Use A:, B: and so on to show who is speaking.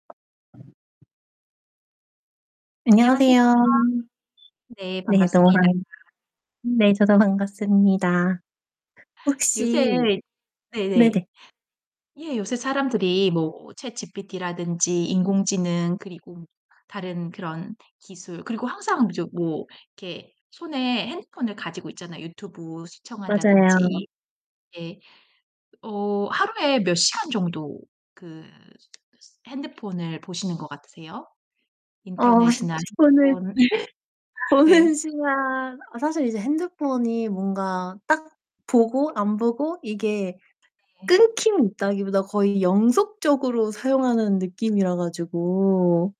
A: 안녕하세요.
B: 안녕하세요.
A: 네.
B: 네. 너무
A: 반갑습니다.
B: 반 네. 저도 반갑습니다.
A: 요새
B: 혹시
A: 네네.
B: 네네.
A: 예. 요새 사람들이 뭐 chatGPT 라든지 인공지능 그리고 다른 그런 기술 그리고 항상 이제 뭐 이렇게 손에 핸드폰을 가지고 있잖아요. 유튜브
B: 맞아요.
A: 시청한다든지. 예. 어 하루에 몇 시간 정도 그 핸드폰을 보시는 것 같으세요?
B: 어
A: 인터넷이나
B: 폰을
A: 핸드폰.
B: 보는
A: 네.
B: 시간 아 사실 이제 핸드폰이 뭔가 딱 보고 안 보고 이게
A: 네.
B: 끊김이 있다기보다 거의 연속적으로 사용하는 느낌이라 가지고